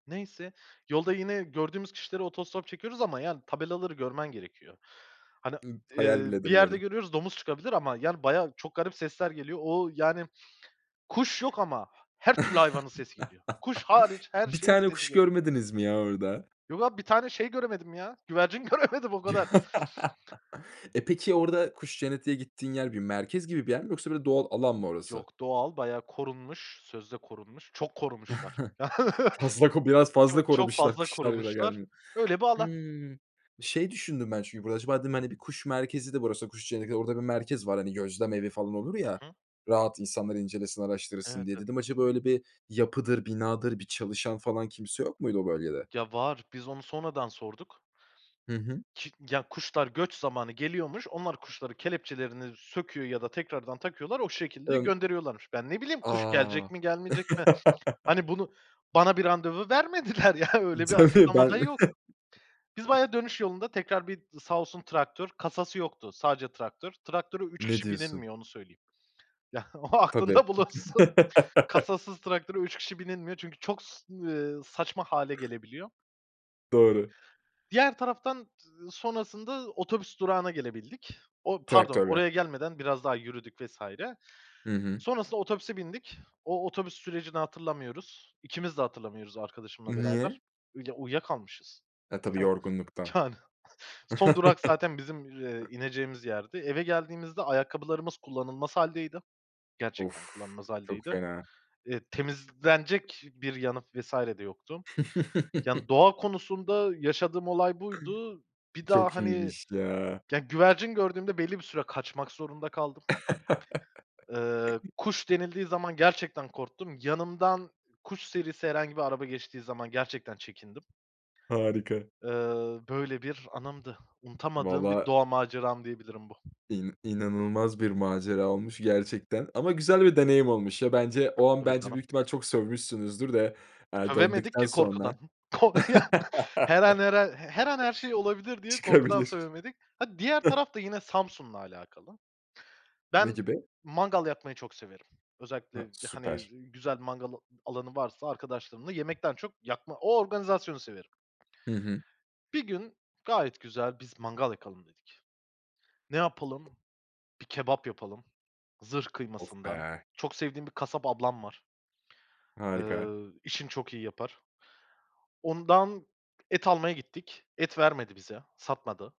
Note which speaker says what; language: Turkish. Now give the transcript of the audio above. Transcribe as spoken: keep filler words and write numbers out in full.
Speaker 1: Neyse, yolda yine gördüğümüz kişilere otostop çekiyoruz ama, yani, tabelaları görmen gerekiyor. Hani,
Speaker 2: Iıı, hayal
Speaker 1: eee,
Speaker 2: bile
Speaker 1: bir yerde
Speaker 2: edemiyorum.
Speaker 1: görüyoruz, "Domuz çıkabilir." Ama, yani, bayağı, çok garip sesler geliyor. O, yani, kuş yok ama her türlü hayvanın sesi geliyor. Kuş hariç, her
Speaker 2: Bir
Speaker 1: şeyin
Speaker 2: tane
Speaker 1: sesi
Speaker 2: kuş
Speaker 1: geliyor.
Speaker 2: görmediniz mi ya orada?
Speaker 1: Yok abi, bir tane şey göremedim ya, güvercin göremedim, o kadar.
Speaker 2: E, peki, orada kuş cenneti diye gittiğin yer bir merkez gibi bir yer mi yoksa böyle doğal alan mı orası?
Speaker 1: Yok, doğal, bayağı korunmuş, sözde korunmuş, çok korumuşlar.
Speaker 2: Fazla ko biraz fazla
Speaker 1: Çok çok
Speaker 2: korumuşlar.
Speaker 1: fazla
Speaker 2: Kuşlar bile
Speaker 1: korumuşlar.
Speaker 2: gelmiyor.
Speaker 1: Öyle bir alan.
Speaker 2: Hımm, şey düşündüm ben çünkü burada. Acaba dedim, hani, bir kuş merkezi de burası, kuş cenneti. Orada bir merkez var, hani, gözlem evi falan olur
Speaker 1: Hı
Speaker 2: ya,
Speaker 1: hı.
Speaker 2: rahat insanlar incelesin, araştırsın
Speaker 1: Evet,
Speaker 2: diye.
Speaker 1: tabii.
Speaker 2: Dedim acaba öyle bir yapıdır, binadır, bir çalışan falan, kimse yok muydu o bölgede?
Speaker 1: Ya, var. Biz onu sonradan sorduk.
Speaker 2: Hı hı.
Speaker 1: Çık ya, kuşlar göç zamanı geliyormuş. Onlar kuşların kelepçelerini söküyor ya da tekrardan takıyorlar, o şekilde
Speaker 2: Imm.
Speaker 1: gönderiyorlarmış. Ben, ne bileyim, kuş gelecek
Speaker 2: A!
Speaker 1: mi, gelmeyecek mi? Hani, bunu bana bir randevu vermediler, ya. Öyle bir
Speaker 2: Değil mi?
Speaker 1: açıklama da
Speaker 2: Ben
Speaker 1: yok. Biz bayağı dönüş yolunda tekrar bir sağ olsun, traktör. Kasası yoktu, sadece traktör. Traktöre üç
Speaker 2: Ne
Speaker 1: kişi
Speaker 2: diyorsun?
Speaker 1: binilmiyor, onu söyleyeyim. Ya, o
Speaker 2: Tabii.
Speaker 1: aklında bulunsun. Kasasız traktöre üç kişi binilmiyor çünkü, ııı, çok saçma hâle gelebiliyor.
Speaker 2: Doğru.
Speaker 1: Diğer taraftan z sonrasında otobüs durağına gelebildik. O, pardon,
Speaker 2: Traktörle.
Speaker 1: oraya gelmeden biraz daha yürüdük vs.
Speaker 2: Hı hı.
Speaker 1: Sonrasında otobüse bindik. O, otobüs sürecini hatırlamıyoruz. İkimiz de hatırlamıyoruz, arkadaşımla beraber.
Speaker 2: Niye?
Speaker 1: Uyuya uyuyakalmışız.
Speaker 2: A, tabii
Speaker 1: Heh,
Speaker 2: yorgunluktan.
Speaker 1: yani, son durak zaten bizim, eee, ineceğimiz yerdi. Eve geldiğimizde ayakkabılarımız kullanılmaz hâldeydi.
Speaker 2: Of!
Speaker 1: Gerçekten kullanılmaz
Speaker 2: Çok
Speaker 1: hâldeydi.
Speaker 2: fena.
Speaker 1: Eee, temizlenecek bir yanı vs. de yoktu. Yani, doğa konusunda yaşadığım olay buydu. Bir daha,
Speaker 2: Çok
Speaker 1: hani,
Speaker 2: iyiymiş, ya.
Speaker 1: güvercin gördüğümde belli bir süre kaçmak zorunda kaldım. Iıı, kuş denildiği zaman gerçekten korktum. Yanımdan kuş serisi herhangi bir araba geçtiği zaman gerçekten çekindim.
Speaker 2: Harika.
Speaker 1: Iıı, böyle bir anımdı. Unutamadığım bir
Speaker 2: Vallaha.
Speaker 1: doğa maceram diyebilirim bu.
Speaker 2: İn inanılmaz bir macera olmuş gerçekten ama güzel bir deneyim olmuş ya bence. O an
Speaker 1: Tabii
Speaker 2: bence,
Speaker 1: canım.
Speaker 2: büyük ihtimal çok sövmüşsünüzdür de, eee,
Speaker 1: Sövemedik
Speaker 2: döndükten
Speaker 1: ki korkudan.
Speaker 2: sonra.
Speaker 1: Ko ya, her an, her an, her an her şey olabilir diye korkudan
Speaker 2: Çıkabilir.
Speaker 1: sövemedik. Ha, diğer taraf da yine Samsun'la alakalı.
Speaker 2: Ne
Speaker 1: Ben
Speaker 2: gibi?
Speaker 1: mangal yakmayı çok severim.
Speaker 2: Ha,
Speaker 1: Özellikle, hani,
Speaker 2: süper.
Speaker 1: güzel mangal alanı varsa, arkadaşlarımla yemekten çok yakma O organizasyonu severim.
Speaker 2: Hı hı.
Speaker 1: Bir gün gayet güzel biz mangal yakalım dedik. Ne yapalım, bir kebap yapalım zırh
Speaker 2: Of
Speaker 1: kıymasından.
Speaker 2: be!
Speaker 1: Çok sevdiğim bir kasap ablam var.
Speaker 2: Harika.
Speaker 1: Iıı, işini çok iyi yapar. Ondan et almaya gittik, et vermedi bize, satmadı.